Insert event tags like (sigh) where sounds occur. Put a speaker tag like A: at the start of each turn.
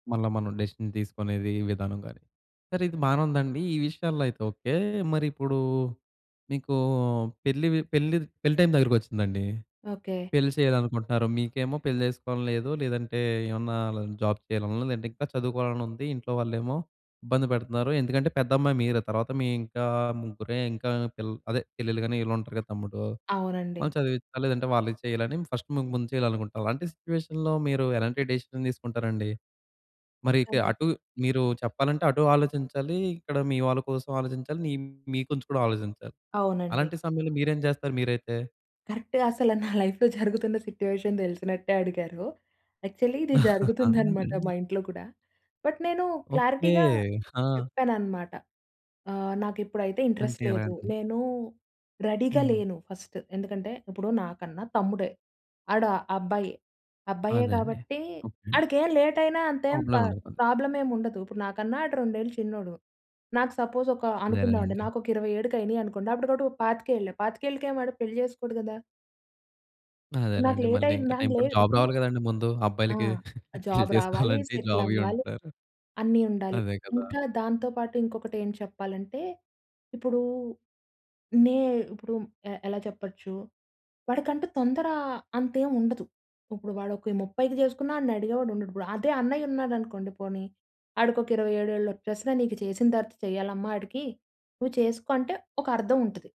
A: మళ్ళా మనం డెసిషన్ తీసుకునేది ఈ విధానం గాని. సరే ఇది బానే ఉందండి. ఈ విషయాల్లో అయితే ఓకే. మరిప్పుడు మీకు పెళ్లి వి పెళ్లి పెళ్లి టైం దగ్గరకొచ్చిందండి.
B: ఓకే.
A: పెళ్లి చెయ్యాలనుకుంటున్నారు. మీకేమో పెళ్లి చేసుకోవాలని లేదు. లేదంటే ఏమన్నా జాబ్ చేయాలనుంది. లేదంటే ఇంకా చదువుకోవాలనుంది. ఇంట్లో వాళ్ళేమో ఇబ్బంది పెడతున్నారు. ఎందుకంటే పెద్ద అమ్మాయి మీరే. తరవాత మీ ఇంకా ముగ్గురే ఇంకా పిల్ అదే చెల్లెళ్ళు గాని వీళ్ళుంటారు కదా! తమ్ముడు
B: అవునండి.
A: వాళ్ళను చదివించాలి. లేదంటే వాళ్ళకి చెయ్యాలని ఫస్ట్ మీకు ముందు చేయాలనుకుంటాం. అలాంటి సిట్యుయేషన్‌లో మీరు ఎలాంటి డెసిషన్ తీసుకుంటారండి? మరి ఇక
B: అవును.
A: అటు మీరు చెప్పాలంటే అటూ ఆలోచించాలి, ఇక్కడ మీ వాళ్ళ కోసం ఆలోచించాలి. నీ మీ గురించి కూడా ఆలోచించాలి.
B: అవునండి.
A: అలాంటి సమయంలో మీరేం చేస్తారు మీరైతే?
B: కరెక్ట్‌గా అసల నా లైఫ్‌లో జరుగుతున్న సిట్యుయేషన్ తెలిసినట్టే అడిగారు. యాక్చువల్లీ ఇది
A: (chuckles) అవునా
B: జరుగుతుందనమాట మా
A: అండి.
B: ఇంట్లో కూడా. బట్, నేను
A: ఓకే.
B: క్లారిటీగా
A: ఆ!
B: చెప్పాననమాట. ఆహ్, నాకిప్పుడైతే ఇంట్రెస్ట్
A: అంటే
B: లేదు.
A: ఎలాంటివి?
B: నేను రెడీగా
A: హ్మ్.
B: లేను ఫస్ట్. ఎందుకంటే ఇప్పుడు నాకన్నా తమ్ముడే. ఆడు అబ్బాయే. అబ్బాయే
A: అదండీ.
B: కాబట్టి
A: ఓకే అండి.
B: ఆడికేం లేట్ అయినా అంతే ప
A: ప్రాబ్లమే ఉండదు పోని.
B: ప్రాబ్లమేం ఉండదు. ఇప్పుడు నాకన్నా ఆడు 2 ఏళ్ళు చిన్నోడు. నాకు సపోజ్ ఒక అనుకుందామండి
A: అదేలేనండి.
B: నాకొక 27కి అయినియనుకోండి. అప్పటికి ఆడికి 25ఏళ్ళు పాతికేళ్ళకేం వాడు పెళ్లి చేసుకోడు కదా. ఇప్పుడు నాకు
A: అదేనండి.
B: లేట్
A: మళ్ళీ ఇంకా
B: అయిందని
A: టైం పడు
B: లేదు.
A: జాబ్
B: ఇప్పుడు
A: రావాలి గదండీ ముందు
B: ఆ!
A: అబ్బాయిలకి పెళ్లి
B: జాబ్ రావాలి,
A: చేసుకోవాలంటే,
B: సెటిల్
A: జాబ్ ఇయ్యీ
B: అవ్వాలి,
A: ఉంటారు.
B: అన్నీ ఉండాలి.
A: అదే కదా!
B: ఇంకా దాంతో పాటు ఇంకొకటి ఏం చెప్పాలంటే, ఇప్పుడు నే ఇప్పుడు ఎ ఎలా చెప్పచ్చు, వాడికంటూ తొందర అంతేముండదు. ఇప్పుడు వాడు ఒక 30కి చేసుకున్నా ఆడిని అడిగేవాడుండడు. ఇప్పుడు అదే అన్నయ్యున్నాడు అనుకోండి పోనీ, ఆడికి ఒక 27 ఏళ్ళు వచ్చేసినా నీకు చేసిన తరువాత చెయ్యాలమ్మా ఆడికి, నువ్వు చేసుకో అంటే ఒక అర్థం ఉంటది.